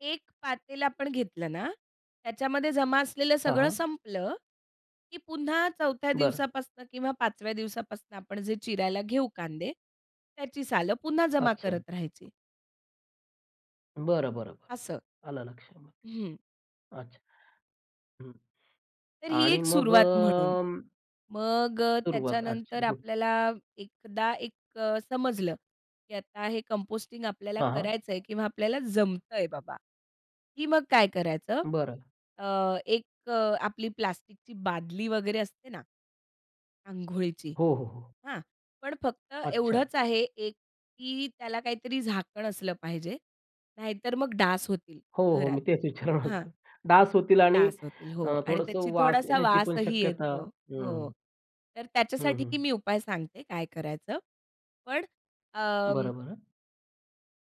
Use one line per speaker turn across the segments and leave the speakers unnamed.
1 पातेल आपण घेतलं ना, त्याच्यामध्ये जमा असलेलं
हां,
सगळं
हां.
संपलं की पुन्हा 4थ्या
बरं.
दिवसापासनं किंवा 5व्या दिवसापासनं आपण जे चिरायला घेऊ कांदे, त्याची सालं पुन्हा जमा
अच्छा.
करत राहायची.
बरं, बरं, बरं.
असं.
आलं लक्षात,
हं.
अच्छा! हं
तर ही
आणि
एक
मग
सुरुवात म्हणून. मग
सुरुवात आजची,
त्याच्यानंतर
गुड.
आपल्याला एकदा एक समजलं की आता हे कंपोस्टिंग आपल्याला
हां, हां.
करायचं आहे किंवा आपल्याला जमतंय बाबा, की मग काय करायचं?
बरं.
अ, एक अ, आपली प्लास्टिकची बादली वगैरे असते ना अंघोळीची.
हो, हो, हो.
हां, पण फक्त
अच्छा.
एवढंच आहे एक की त्याला काहीतरी झाकण असलं पाहिजे, नाहीतर मग डास होतील
हो, हो,
घरात,
मी तेच विचारणार
हां.
होतो. डास होतील आणि
डास होतील, हो
अ,
आणि त्याची
थोडंसं वास
थोडासा
येण्याची पण
वासही
शक्यता
येतो. हो,
हं.
तर
हं,
त्याच्यासाठी
हं.
मी उपाय सांगते काय करायचं. पण अं
बरं, बरं.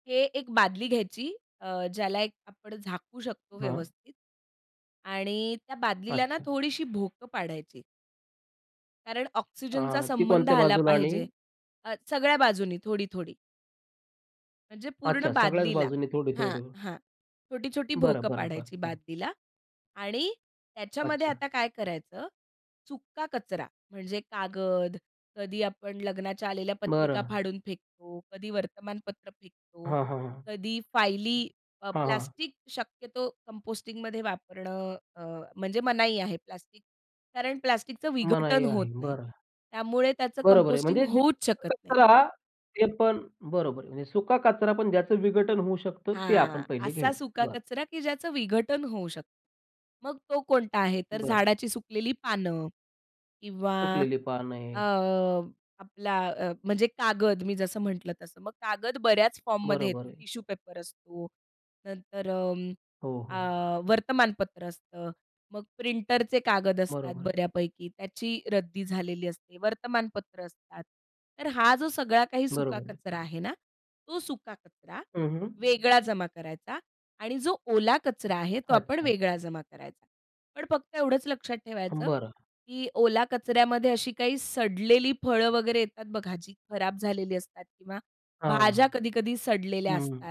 हे एक बादली घ्यायची अ, ज्याला एक आपण झाकू शकतो
हां.
व्यवस्थित आणि त्या बादलीला ना
अच्छा.
थोडीशी भोकं पाडायची. कारण ऑक्सिजनचा
आ, ती
संबंध
कोणत्या
आला
बाजूला आणि?
पाहिजे. अ, सगळ्या बाजूनी थोडी-थोडी. म्हणजे पूर्ण
अच्छा सगळ्याच
बादलीला
बाजूनी
हां,
थोडी-थोडी.
हां, छोटी-छोटी
बरं,
भोकं
बरं, बरं,
पाडायची
बरं.
बादलीला आणि त्याच्यामध्ये
अच्छा.
आता काय करायचं? सुक्का कचरा म्हणजे कागद, कधी आपण लग्नाच्या आलेल्या पत्रिका
बरं.
फाडून फेकतो, कधी वर्तमानपत्र फेकतो,
हां, हां, हां.
कधी फाइली अ,
हां, हां.
प्लास्टिक शक्यतो कंपोस्टिंगमध्ये वापरणं अ, म्हणजे मनाई आहे प्लास्टिक. कारण प्लास्टिकचं विघटन
मनाई
होत
आहे,
नाही,
बरं.
त्यामुळे त्याचं
बरोबर आहे.
कंपोस्टिंग
म्हणजे जे
होऊच
[unintelligible]
शकत नाही.
कचरा जे पण बरोबर आहे. म्हणजे सुका कचरा पण ज्याचं विघटन होऊ शकतं ते
हां,
आपण पहिले
असा
घ्यायचं,
सुका
बरं.
कचरा की ज्याचं विघटन होऊ शकतं. मग तो कोणता आहे? तर
बरं.
झाडाची सुकलेली पानं किंवा
सुकलेली पानं
अ,
आहेत.
आपला अ, म्हणजे कागद मी जसं म्हटलं तसं. मग कागद बऱ्याच फॉर्ममध्ये
बरोबर
येतो
आहे.
टिश्यू पेपर असतो. नंतर अं,
हो,
अ,
हो.
वर्तमानपत्र असतं, मग प्रिंटरचे कागद असतात
बरोबर आहे.
बऱ्यापैकी त्याची रद्दी झालेली असते, वर्तमानपत्र असतात. तर हा जो सगळा काही सुका
बरोबर आहे.
कचरा आहे ना, तो सुका कचरा
हं, हं.
वेगळा जमा करायचा आणि जो ओला कचरा आहे, तो आपण
अच्छा.
वेगळा जमा करायचा. पण फक्त एवढंच लक्षात ठेवायचं,
बरं.
की ओला कचऱ्यामध्ये अशी काही सडलेली फळं वगैरे येतात बघा जी खराब झालेली असतात किंवा
हां,
भाज्या कधी-कधी सडलेल्या असतात.
हं.